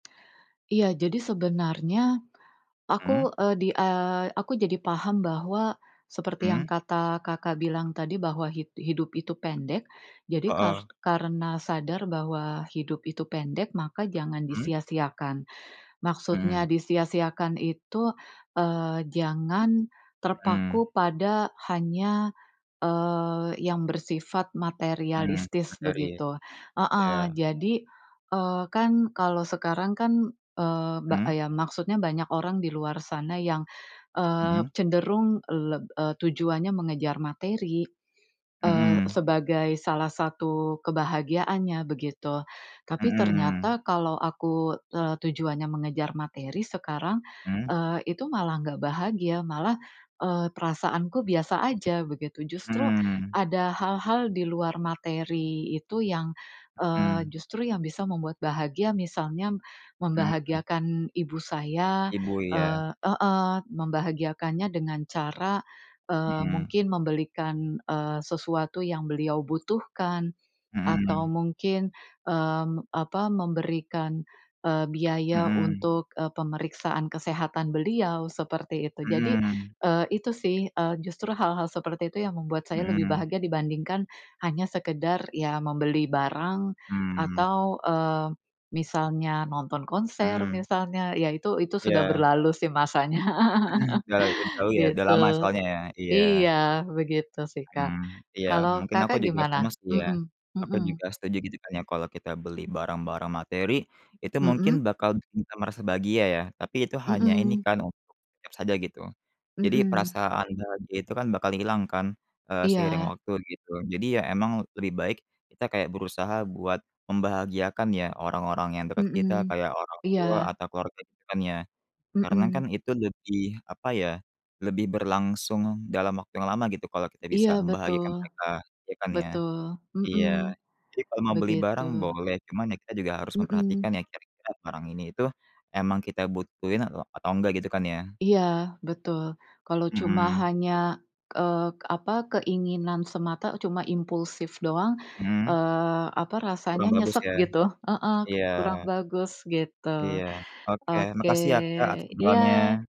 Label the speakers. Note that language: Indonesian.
Speaker 1: Iya, jadi sebenarnya
Speaker 2: Mhm.
Speaker 1: aku, eee, di, eee, aku jadi paham bahwa seperti yang
Speaker 2: Mhm.
Speaker 1: kata Kakak bilang tadi, bahwa hid hidup itu pendek. Jadi, kar
Speaker 2: Heeh.
Speaker 1: karena sadar bahwa hidup itu pendek, maka jangan
Speaker 2: Mhm.
Speaker 1: disia-siakan. Maksudnya
Speaker 2: Mhm.
Speaker 1: disia-siakan itu, eee, jangan
Speaker 2: Mhm.
Speaker 1: terpaku pada hanya, eee, yang bersifat
Speaker 2: Mhm,
Speaker 1: materialistis,
Speaker 2: materi.
Speaker 1: begitu heeh.
Speaker 2: Ya.
Speaker 1: Jadi, eee, kan kalau sekarang kan, eee, ba
Speaker 2: Mhm.
Speaker 1: eee, ya maksudnya banyak orang di luar sana yang, eee,
Speaker 2: Mhm.
Speaker 1: cenderung leb eee, tujuannya mengejar materi, eee,
Speaker 2: Mhm.
Speaker 1: sebagai salah satu kebahagiaannya, begitu. Tapi
Speaker 2: Mhm.
Speaker 1: ternyata kalau aku, eee, tujuannya mengejar materi sekarang,
Speaker 2: Mhm.
Speaker 1: eee, itu malah enggak bahagia, malah eee, perasaanku biasa saja begitu. Justru
Speaker 2: Mhm.
Speaker 1: ada hal-hal di luar materi itu yang, eee,
Speaker 2: Mhm.
Speaker 1: justru yang bisa membuat bahagia, misalnya
Speaker 2: Mhm.
Speaker 1: membahagiakan ibu saya,
Speaker 2: Ibu, iya.
Speaker 1: eee heeh, membahagiakannya dengan cara, eee,
Speaker 2: Mhm.
Speaker 1: mungkin membelikan, eee, sesuatu yang beliau butuhkan, atau
Speaker 2: Mhm.
Speaker 1: mungkin, mmm, apa, memberikan biaya
Speaker 2: Mhm.
Speaker 1: untuk pemeriksaan kesehatan beliau, seperti itu. Jadi,
Speaker 2: Mhm.
Speaker 1: eee, itu sih, eee, justru hal-hal seperti itu yang membuat saya lebih
Speaker 2: Mhm.
Speaker 1: bahagia dibandingkan hanya sekadar, ya membeli barang
Speaker 2: Mhm.
Speaker 1: atau, eee, misalnya nonton konser,
Speaker 2: Mhm.
Speaker 1: misalnya. Ya, itu itu sudah
Speaker 2: Ya.
Speaker 1: berlalu masanya,
Speaker 2: Sudah lagi jauh ya, sudah
Speaker 1: gitu.
Speaker 2: lama soalnya ya? Iya.
Speaker 1: Iya, begitu sih Kak.
Speaker 2: Mhm, iya.
Speaker 1: Kalau,
Speaker 2: Mungkin aku
Speaker 1: Kakak
Speaker 2: juga sama
Speaker 1: gimana?
Speaker 2: sih ya.
Speaker 1: Mhm,
Speaker 2: Aku
Speaker 1: mhm.
Speaker 2: juga setuju, gitu kan ya, kalau kita beli barang-barang materi, itu mungkin
Speaker 1: Mhm.
Speaker 2: bakal bisa merasa bahagia, ya. Tapi itu hanya ini
Speaker 1: Mhm.
Speaker 2: kan untuk sekejap saja, gitu. Jadi,
Speaker 1: Mhm.
Speaker 2: perasaan bahagia itu kan bakal hilang kan, eee, seiring
Speaker 1: Iya.
Speaker 2: waktu, gitu. Jadi, ya, memang lebih baik kita kayak berusaha buat membahagiakan, ya, orang-orang yang dekat kita,
Speaker 1: Mhm,
Speaker 2: kayak orang tua
Speaker 1: iya.
Speaker 2: atau keluarga, gitu kan ya. Karena kan
Speaker 1: Mhm.
Speaker 2: itu lebih, apa ya, lebih berlangsung dalam waktu yang lama, gitu, kalau kita
Speaker 1: Iya
Speaker 2: bisa
Speaker 1: betul,
Speaker 2: membahagiakan mereka, ya kan ya?
Speaker 1: betul. Mhm.
Speaker 2: Iya. Jadi, kalau mau beli
Speaker 1: Begitu.
Speaker 2: barang boleh, cuma ya kita juga harus memperhatikan,
Speaker 1: Mhm.
Speaker 2: ya, kira-kira barang ini, itu memang kita butuhin atau, atau enggak, gitu kan ya?
Speaker 1: Iya betul. Kalau cuma
Speaker 2: Mhm.
Speaker 1: hanya, eee, apa, keinginan semata cuma impulsif doang,
Speaker 2: Mhm.
Speaker 1: eee, apa rasanya
Speaker 2: Kurang bagus
Speaker 1: nyesek
Speaker 2: ya?
Speaker 1: gitu heeh,
Speaker 2: Iya.
Speaker 1: kurang bagus gitu.
Speaker 2: Iya. Oke.
Speaker 1: Oke.
Speaker 2: Makasih ya, Kak, atas
Speaker 1: Iya
Speaker 2: obrolannya.